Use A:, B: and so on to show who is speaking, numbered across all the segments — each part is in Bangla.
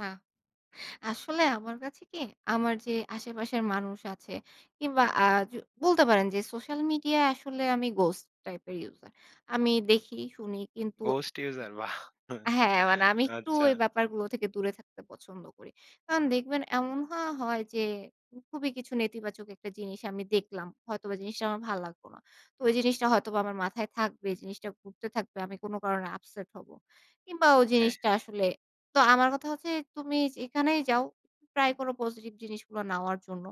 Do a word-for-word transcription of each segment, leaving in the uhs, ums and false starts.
A: না। আসলে আমার কাছে কি? আমার যে আশেপাশের মানুষ আছে, কিংবা আ যো বলতে পারেন যে, সোশ্যাল মিডিয়ায় আসলে আমি গোস্ট টাইপের ইউজার। আমি দেখি শুনি কিন্তু
B: ঘোস্ট ইউসার বাহ!
A: হ্যাঁ, মানে আমি একটু
B: আচ্ছা।
A: ওই ব্যাপারগুলো থেকে দূরে থাকতে পছন্দ করি। কারণ দেখবেন এমন হওয়া হয় যে, খুবই কিছু নেতিবাচক একটা জিনিস আমি দেখলাম। হয়তোবা জিনিসটা আমার ভাল লাগলো না। তো ওই জিনিসটা হয়তোবা আমার মাথায় থাকবে, জিনিসটা ঘুরতে থাকবে। আমি কোনো কারণে আপসেট হব। কিংবা ওই
B: হ্যাঁ,
A: জিনিসটা
B: হ্যাঁ।
A: আসলে, তো আমার কথা হচ্ছে, "তুমি যেখানেই যাও। ট্রাই করো পজিটিভ জিনিসগুলো নেওয়ার জন্য।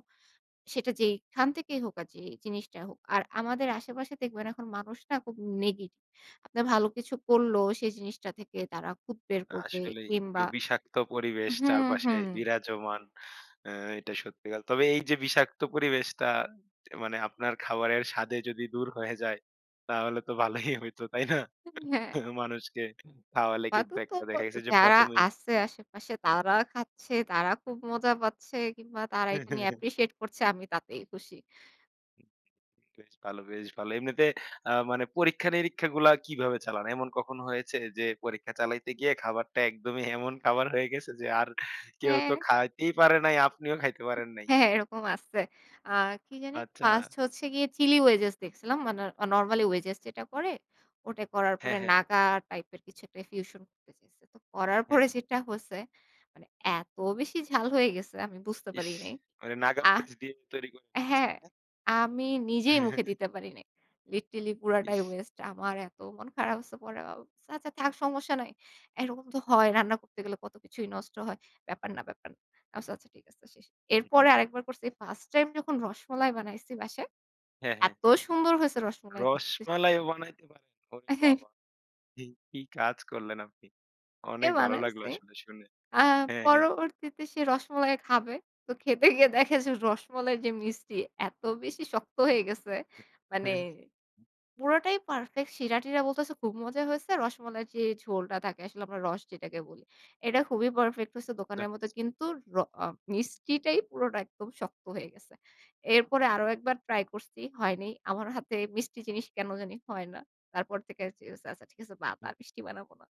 A: সেটা যেখান থেকেই হোক আর যে, জিনিসটাই হোক।" আর আমাদের আশেপাশে দেখবেন, এখন মানুষ না? খুব নেগেটিভ। আপনারা ভালো কিছু করলেও, সেই জিনিসটা থেকে তারা খুত বের করবে
B: আসলেই। একটু
A: কিংবা
B: বিষাক্ত পরিবেশ
A: হুম,
B: চারপাশে
A: হুম।
B: বিরাজমান। অ্যা এটা সত্যিকার। তবে এই যে, বিষাক্ত পরিবেশটা দে মানে, আপনার খাবারের স্বাদে যদি দূর হয়ে যায়, তাহলে তো ভালোই হইতো। তাই না?
A: হ্যাঁ।
B: মানুষকে খাওয়ালে কিন্তু
A: [unintelligible] তো
B: একটা দেখা গেছে যে,
A: যারা
B: প্রথমেই
A: আছে আশেপাশে তারা খাচ্ছে, তারা খুব মজা পাচ্ছে কিংবা তারা এটা নিয়ে অ্যাপ্রিশিয়েট করছে, আমি তাতেই খুশি।
B: বেশ ভালো, বেশ ভালো। এমনিতে আ মানে পরীক্ষা-নিরীক্ষাগুলা কিভাবে চালান? এমন কখন হয়েছে যে, পরীক্ষা চালাইতে গিয়ে খাবারটা একদমই এমন খাবার হয়ে গেছে যে, আর কেউ তো
A: হ্যাঁ।
B: খাইতেই পারে নাই, আপনিও খাইতে পারেন নাই?
A: হ্যাঁ, হ্যাঁ, এরকম আছে। অ্যা কি জানি?
B: আচ্ছা।
A: First হচ্ছে গিয়ে চিলি ওয়েজেস দেখছিলাম। মানে অ নরমালি ওয়েজেস যেটা করে, ওটা করার পরে
B: হ্যাঁ, হ্যাঁ।
A: নাগা টাইপ এর কিছু একটা ফিউশন করতে চাইসে। তো করার
B: হ্যাঁ।
A: পরে যেটা হচ্ছে মানে, এত বেশি ঝাল হয়ে গেছে, আমি বুঝতে
B: ইস!
A: পারি নাই।
B: মানে নাগা
A: আ
B: মরিচ দিয়ে তৈরি করেছেন,
A: হ্যাঁ,
B: না?
A: আমি নিজেই মুখে দিতে পারি নাই। লিটারেলি পুরাটাই
B: ইস!
A: ওয়েস্ট। আমার এত মন খারাপ হচ্ছে। পরে ভাব "আচ্ছা থাক সমস্যা নাই। এরকম তো হয়, রান্না করতে গেলে কত কিছুই নষ্ট হয়। ব্যাপার না, ব্যাপার না" আমি বলছি, "আচ্ছা ঠিক আছে শেষ।"
B: হু,
A: এরপরে
B: হুম।
A: আরেকবার করছি, First টাইম যখন রসমালাই বানাইছি বাসায়,
B: হ্যাঁ, হ্যাঁ।
A: এত সুন্দর হয়েছে রসমাল দেখতে
B: রসমালাইও বানাইতে পারেন? ওরে
A: অ্যা হ্যাঁ।
B: বাবা! কি কাজ করলেন আপনি?
A: এ
B: অনেক ভালো লাগলো
A: বানাইছি।
B: আসলে শুনে।
A: আ
B: হ্যাঁ, হ্যাঁ।
A: পরবর্তীতে সে রসমালাই খাবে। তো খেতে গিয়ে দেখে যে, রসমালাইর যে, মিষ্টি, এত বেশি শক্ত হয়ে গেছে।
B: হু,
A: মানে
B: হুম।
A: পুরোটাই পারফেক্ট, সিরা-টিরা বলতেছে খুব মজা হয়েছে। রসমালাইর যে, ঝোলটা থাকে, আসলে আমরা রস যেটাকে বলি। এটা খুবই পারফেক্ট হইছে,
B: যাক।
A: দোকানের মতো। কিন্তু র আ মিষ্টিটাই পুরোটা একদম শক্ত হয়ে গেছে। এরপরে আরো একবার ট্রাই করছি, হয়নাই। আমার হাতে মিষ্টি জিনিস কেন জানি হয় না। তারপর থেকে "ঠিক আসে, আচ্ছা ঠিক আছে বাদ।
B: হুম।
A: আর মিষ্টি বানাবো না।"